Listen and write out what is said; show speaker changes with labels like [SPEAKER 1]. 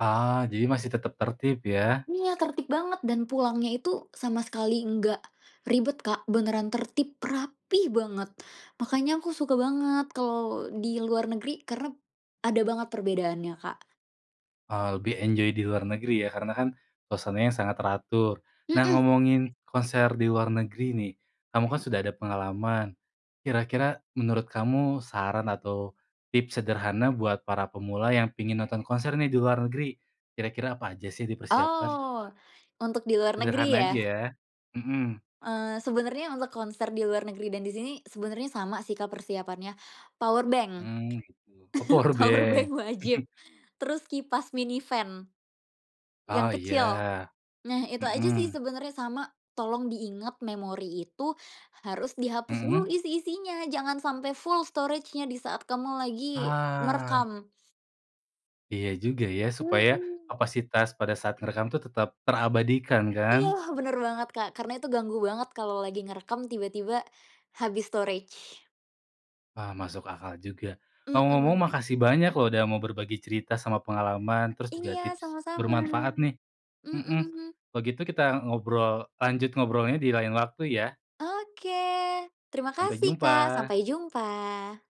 [SPEAKER 1] Oh, jadi masih tetap tertib, ya?
[SPEAKER 2] Iya, tertib banget dan pulangnya itu sama sekali nggak, ribet, Kak, beneran tertib, rapih banget. Makanya aku suka banget kalau di luar negeri karena, ada banget perbedaannya, Kak.
[SPEAKER 1] Oh, lebih enjoy di luar negeri ya, karena kan, konsernya sangat teratur. Nah,
[SPEAKER 2] Mhm.
[SPEAKER 1] ngomongin konser di luar negeri nih, kamu kan sudah ada pengalaman, kira-kira menurut kamu saran atau, tips sederhana buat para pemula yang pingin nonton konser nih, di luar negeri, kira-kira apa aja sih dipersiapkan?
[SPEAKER 2] Oh, untuk di luar
[SPEAKER 1] Sederhana
[SPEAKER 2] negeri,
[SPEAKER 1] aja,
[SPEAKER 2] ya?
[SPEAKER 1] ya. Mhm.
[SPEAKER 2] Eee, sebenernya untuk konser di luar negeri dan disini sebenernya sama sih, Kak, persiapannya. power bank.
[SPEAKER 1] Hmm, gitu. Oh, power
[SPEAKER 2] power bank
[SPEAKER 1] bank.
[SPEAKER 2] wajib, terus kipas mini fan, yang
[SPEAKER 1] Oh,
[SPEAKER 2] kecil.
[SPEAKER 1] iya.
[SPEAKER 2] Nah, itu aja sih
[SPEAKER 1] Mhm.
[SPEAKER 2] sebenernya, sama tolong diingat memori itu, harus dihapus dulu
[SPEAKER 1] Mhm.
[SPEAKER 2] isi-isinya, jangan sampe full storage-nya disaat kamu lagi
[SPEAKER 1] Ah.
[SPEAKER 2] merekam.
[SPEAKER 1] Iya, juga ya, supaya,
[SPEAKER 2] Mhm.
[SPEAKER 1] kapasitas pada saat ngerekam tuh tetap terabadikan, kan?
[SPEAKER 2] Iya lah, bener banget, Kak, karena itu ganggu banget kalau lagi ngerekam tiba-tiba, habis storage.
[SPEAKER 1] Wah, masuk akal juga, ngomong-ngomong
[SPEAKER 2] Mhm.
[SPEAKER 1] makasih banyak loh, udah mau berbagi cerita sama pengalaman, terus juga
[SPEAKER 2] Iya,
[SPEAKER 1] tips
[SPEAKER 2] sama-sama.
[SPEAKER 1] bermanfaat, nih. Mhm,
[SPEAKER 2] Mhm.
[SPEAKER 1] kalo gitu kita ngobrol lanjut ngobrolnya di lain waktu, ya.
[SPEAKER 2] Oke, terima
[SPEAKER 1] Sampai
[SPEAKER 2] kasih, Kak.
[SPEAKER 1] jumpa.
[SPEAKER 2] Sampai jumpa.